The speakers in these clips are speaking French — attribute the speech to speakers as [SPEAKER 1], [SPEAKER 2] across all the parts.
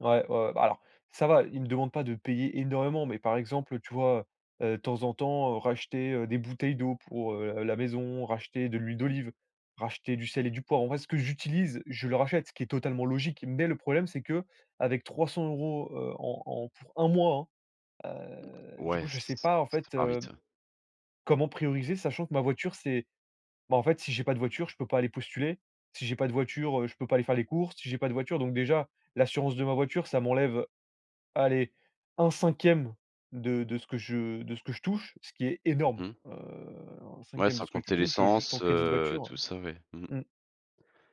[SPEAKER 1] Ouais, ouais ouais! Bah, alors, ça va, il me demande pas de payer énormément, mais par exemple, tu vois, heu heu, de temps en temps, heu, racheter, heu, des bouteilles d'eau pour, heu, l la maison, racheter de l'huile d'olive, racheter du sel et du poivre. En vrai, ce que j'utilise, je le rachète, ce qui est totalement logique. Mais le problème c'est qu'avec 300 €, heu, en en pour 1 mois, hein, heu,
[SPEAKER 2] Mmh,
[SPEAKER 1] du coup,
[SPEAKER 2] ouais, ç
[SPEAKER 1] je sais
[SPEAKER 2] ç
[SPEAKER 1] pas, en
[SPEAKER 2] ça
[SPEAKER 1] fait,
[SPEAKER 2] part
[SPEAKER 1] hem,
[SPEAKER 2] vite, ouais.
[SPEAKER 1] comment prioriser sachant que ma voiture, c'est bah, en fait, si j'ai pas de voiture, je peux pas aller postuler. Si j'ai pas de voiture, heu, je peux pas aller faire les courses, si j'ai pas de voiture donc déjà, l'assurance de ma voiture, ça m'enlève, allez, un 1/5 de de ce que je de ce que je touche, ce qui est énorme!
[SPEAKER 2] Mmh mh.
[SPEAKER 1] Heu, un
[SPEAKER 2] Ouais,
[SPEAKER 1] cinquième de
[SPEAKER 2] sans
[SPEAKER 1] ce que tu
[SPEAKER 2] compter
[SPEAKER 1] touches, heu, juste en
[SPEAKER 2] l'essence,
[SPEAKER 1] crédit de
[SPEAKER 2] heu,
[SPEAKER 1] voiture,
[SPEAKER 2] tout ça, ouais, mmh.
[SPEAKER 1] heu mmh.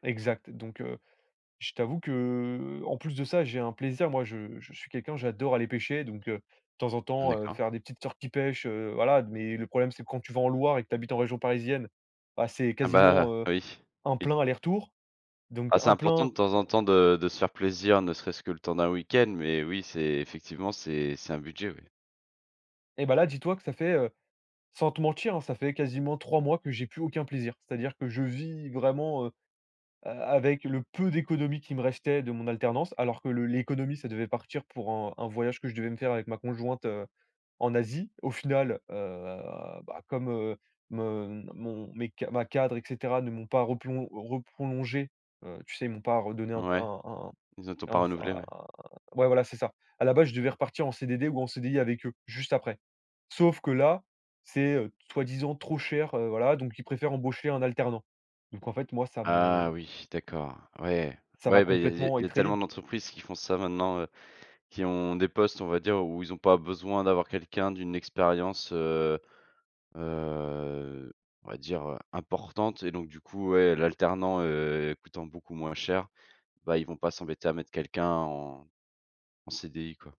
[SPEAKER 1] Exact. Donc heu, je t'avoue que, heu, en plus de ça, j'ai un plaisir, moi, je je suis quelqu'un, j'adore aller pêcher. Donc heu, de temps en temps, heu,
[SPEAKER 2] D'accord.
[SPEAKER 1] faire des petites sorties pêche, heu, voilà. Mais le problème, c'est que quand tu vas en Loire et que tu habites en région parisienne, bah, c'est
[SPEAKER 2] Ah, bah,
[SPEAKER 1] quasiment, heu,
[SPEAKER 2] oui,
[SPEAKER 1] 1
[SPEAKER 2] oui.
[SPEAKER 1] plein aller-retour. Donc
[SPEAKER 2] Ah, c'est
[SPEAKER 1] 1
[SPEAKER 2] important, de
[SPEAKER 1] plein,
[SPEAKER 2] temps
[SPEAKER 1] heu
[SPEAKER 2] en temps, de de se faire plaisir, ne serait-ce que le temps d'un week-end, mais oui, c'est effectivement, c'est c'est un budget, oui.
[SPEAKER 1] Et bah, là, dis-toi que ça fait, heu, sans te mentir, hein, ça fait quasiment 3 mois que j'ai plus aucun plaisir. C'est-à-dire que je vis vraiment, heu, a avec le peu d'économie qui me restait de mon alternance, alors que le l'économie, ça devait partir pour un un voyage que je devais me faire avec ma conjointe, heu, en Asie. Au final, heu, bah, comme, heu, me mon mes ca ma cadre et cetera, ne m'ont pas replon reprolongé, heu, tu sais, ils m'ont pas redonné un c
[SPEAKER 2] Ouais.
[SPEAKER 1] un
[SPEAKER 2] Ils ont t'ont
[SPEAKER 1] un
[SPEAKER 2] pas
[SPEAKER 1] un s
[SPEAKER 2] renouvelé,
[SPEAKER 1] un
[SPEAKER 2] ouais.
[SPEAKER 1] ouais, voilà, c'est ça. À la base, je devais repartir en CDD ou en CDI avec eux, juste après. Sauf que là, c'est, heu, soi-disant trop cher, heu, voilà donc ils préfèrent embaucher un alternant. Donc en fait, moi, ça
[SPEAKER 2] Ah
[SPEAKER 1] me
[SPEAKER 2] oui, d'accord, ouais.
[SPEAKER 1] ça m'a
[SPEAKER 2] Ouais, bah, il y a il y a
[SPEAKER 1] complètement
[SPEAKER 2] il y a
[SPEAKER 1] étrayé!
[SPEAKER 2] tellement d'entreprises qui font ça, maintenant, heu, qui ont des postes, on va dire, où où ils ont pas besoin d'avoir quelqu'un d'une expérience, heu heu, on va dire, heu, importante et donc du coup, ouais, l'alternant, heu, coûtant beaucoup moins cher, bah, ils vont pas s'embêter à mettre quelqu'un en en CDI, quoi.